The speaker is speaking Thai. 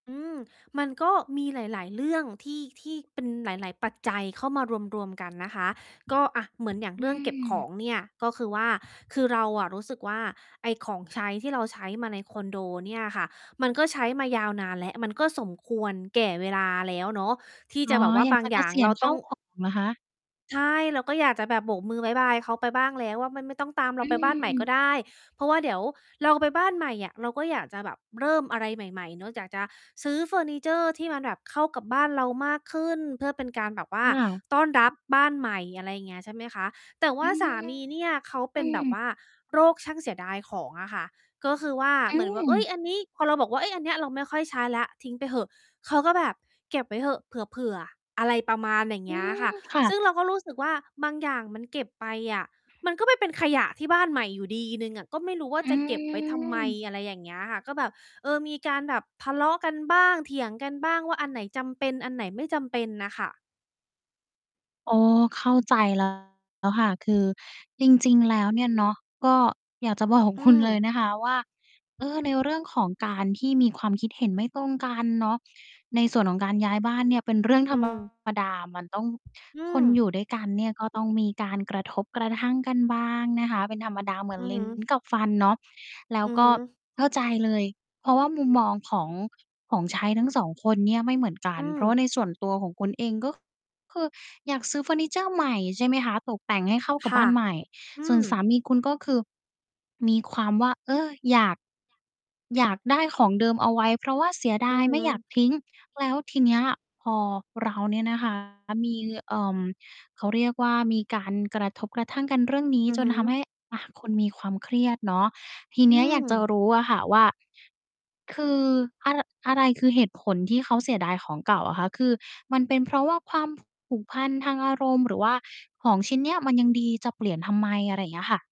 อืม มันก็มีหลาย ๆ เรื่อง ที่ ที่เป็นหลาย ๆ ปัจจัยเข้ามารวม ๆ กันนะคะ ก็ อะ เหมือนอย่างอืเรื่องเก็บขอม งเนี่ย ก็คือว่า คือเราอะรู้สึกว่า ไอ้ของใช้ที่เราใช้มาในคอนโดเนี่ยค่ะ มันก็ใช้มายาวนานแล้ว มันก็สมควรแก่เวลาแล้วเนาะ ที่อ๋จอ ะแบบว่าอยาบกาจงะเอกย่างษียเรณาขต้้าอง ว ของ เหรอคะ? ใช่ เราก็อยากจะแบบโบกมือบ๊ายบายเค้าไปบ้างแล้วว่า มันไม่ต้องตามเรอาไปบ้านใหม่ืก็อ ได้ เพราะว่าเดี๋ยวเราไปบ้านใหม่อะ เราก็อยากจะแบบเริ่มอะไรใหม่ ๆ เนาะ อยากจะซื้อเฟอร์นิเชอร์ที่มันแบบเข้ากับบ้านเรามากขึ้น เพื่อเป็นการแบบว่อา ้าว! ต้อนรับบ้านใหม่ อะไรอย่างเงี้ย ใช่ไหมคะ? แต่วอ่าืสม ามีเนี่ยเขาเปอื็นแบบม ว่า โรคช่างเสียดายของอะค่ะ ก็คือว่า อืเหมือนว่า เอ๊ม ย อันนี้ พอเราบอกว่า "เอ๊ย อันเนี้ยเราไม่ค่อยใช้แล้ว ทิ้งไปเหอะ" เขาก็แบบ "เก็บไว้เหอะ เผื่อ ๆ" อะไรประมาณอย่างอเงืี้ยม ค่ะ ค่ซะ ึ่งเราก็รู้สึกว่า บางอย่างมันเก็บไปอะ มันก็ไปเป็นขยะที่บ้านใหม่อยู่ดี 1 อะ ก็ไม่รู้ว่าอืจะเก็บไว้ทำไม? ม อะไรอย่างเงี้ยค่ะ ก็แบบ เออ มีการแบบทะเลาะกันบ้าง เถียงกันบ้างว่า อันไหนจำเป็น อันไหนไม่จำเป็นน่ะค่ะ? อ๋อ เข้าใจ แล้ว แล้วค่ะ คือจริง ๆ แล้วเนี่ยเนาะ ก็อยากจะบอกอืคุณเลยม นะคะว่า เออ ในเรื่องของการที่มีความคิดเห็นไม่ตรงกันเนาะ ในส่วนของการย้ายบ้านเนี่ยเป็นเรื่อง อธืรรม มดา มันต้อง อืคนอยม ู่ด้วยกันเนี่ยก็ต้องมีการกระทบกระทั่งกันบ้างนะคะ เป็นธรรมดาเหมืออน ือลิฮ้ึ น กับฟันเนาะ แล้วอือกฮ็ึ เข้าใจเลย เพราะว่ามุมมอง ของ ของใช้ทั้ง 2 คนเนี่ยไม่เหมือนกัอน ืเพม ราะว่าในส่วนตัวของคุณเอง ก็คืออยากซื้อเฟอร์นิเชอร์ใหม่ ใช่ไหมคะ? ตกแต่งให้เข้ากัคบบ่้ะ านใหม่ อืส่วนสาม มีคุณ ก็คือ มีความว่า เออ อยาก อยากได้ของเดิมเอาไว้ เพราะว่าเสียดอืาอยฮไม่อยากึ ทิ้ง แล้วทีเนี้ยอะพอเราเนี่ยนะ คะ มี เอ่อ เขาเรียกว่า มีการกระทบกระทั่งกันเรื่องนี้อือจฮนทำใึ ห้ อะ คุณมีความเครียดเนาะ ทีอเืนี้ยอยากจะม รู้อะค่ะว่า คือ อะ ร อะไรคือเหตุผลที่เขาเสียดายของเก่าอะคะ? คือมันเป็นเพราะว่า ความ ผ ผูกพันทางอารมณ์ หรือว่าของชิ้นเนี้ยมันยังดีจะเปลี่ยนทำไม? อะไรเงี้ยค่ะ